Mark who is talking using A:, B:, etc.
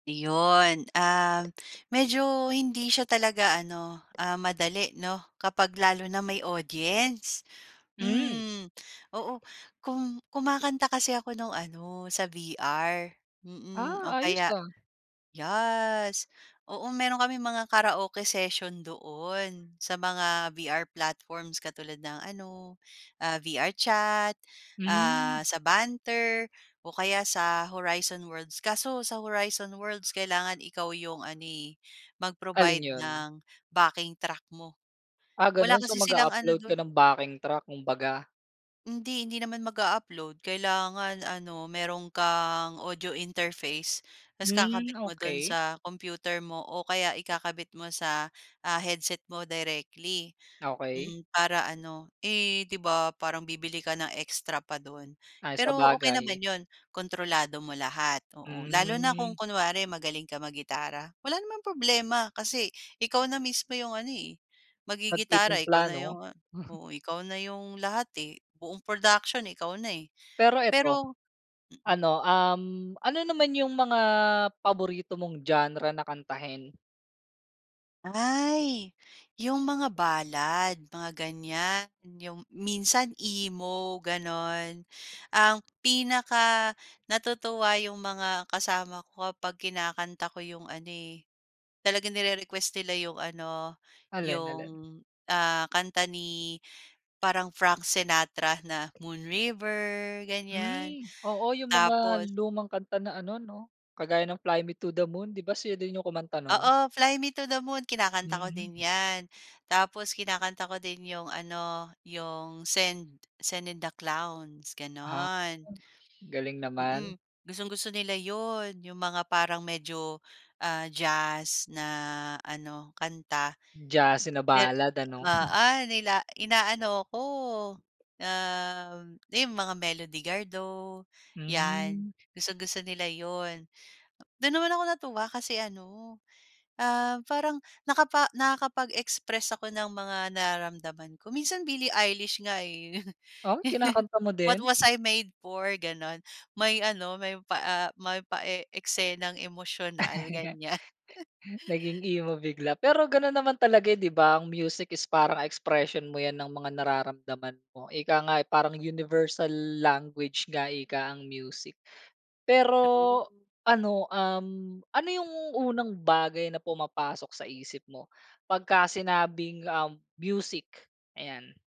A: Iyon, ah, medyo hindi siya talaga ano, ah, madali no, kapag lalo na may audience.
B: Hmm.
A: Hmm, oo kum kumakanta kasi ako nung ano sa VR. Mm,
B: Ah,
A: o
B: ayos
A: kaya,
B: ha?
A: yes, oo, meron kaming mga karaoke session doon sa mga VR platforms katulad ng ano, ah, VR chat, ah,
B: Hmm.
A: sa Banter o kaya sa Horizon Worlds. Kaso sa Horizon Worlds kailangan ikaw yung ano, eh,
B: Alin
A: mag-provide
B: yun?
A: ng backing track mo
B: Ah,
A: wala
B: ganun. So,
A: kasi silang ano
B: mag-a-upload ka
A: dun.
B: ng backing track kung baga.
A: Hindi. Hindi naman mag a-upload kailangan ano meron kang audio interface. Tas
B: Hmm,
A: kakabit mo dun
B: okey.
A: sa computer mo o kaya ikakabit mo sa, ah, headset mo directly,
B: Okey.
A: hmm, para ano, eh, di ba parang bibili ka ng extra pa dun
B: Ay
A: pero okey naman
B: sabagay.
A: yun, kontrolado mo lahat, oo, lalo na kung
B: Hmm.
A: kunwari magaling ka mag gitara, wala namang problema kasi ikaw na mismo yung ano, eh, magigitara ikaw
B: Magtititimpla
A: na yung,
B: no?
A: oo, ikaw na yung lahat, eh, buong production ikaw na, eh.
B: Pero eto,
A: Pero mm
B: ano, um, ano naman yung mga paborito mong genre na kantahin?
A: Ay yung mga balad mga ganyan. Yung minsan emo, ganon? Ang pinakanatutuwa yung mga kasama ko kapag kinakanta ko yung ano, eh, talagang nire-request nila yung ano,
B: Alin,
A: yung,
B: alin?
A: ah, kanta ni parang Frank Sinatra na Moon River, ganyan.
B: Mm, oo, yung mga
A: Tapos
B: lumang kanta na ano no, kagaya ng "Fly Me to the Moon." 'Di ba sila din yung kumanta nun?
A: Oo, "Fly Me to the Moon" kinakanta ko
B: Mm.
A: din yan. Tapos kinakanta ko din yung ano yung "Send Send in the clowns,"
B: Ha,
A: ganon.
B: galing naman.
A: Mm, gustong gusto nila yun, yung mga parang medyo, ah, jazz na ano kanta,
B: Jazz na
A: de
B: balad ano?
A: ah ah, nila inaano ko, um, di mga Melody Gardo yan
B: Mm.
A: gustong gusto nila yun. Dun naman ako natuwa kasi ano, um, parang nakapa nakakapag-express ako ng mga nararamdaman ko minsan Billie Eilish nga, eh.
B: O kinakanta mo
A: "What
B: din?
A: was I made for," ganon may ano may pa, ah, may pa e eksenang emosyonal ganyan.
B: Naging emo bigla. Pero ganun naman talaga, 'di ba? Ang music is parang expression mo yan ng mga nararamdaman mo. Ika nga parang universal language nga ika ang music. Pero
A: True.
B: ano, um, ano yung unang bagay na pumapasok sa isip mo pagkasinabing, um, music, ayan?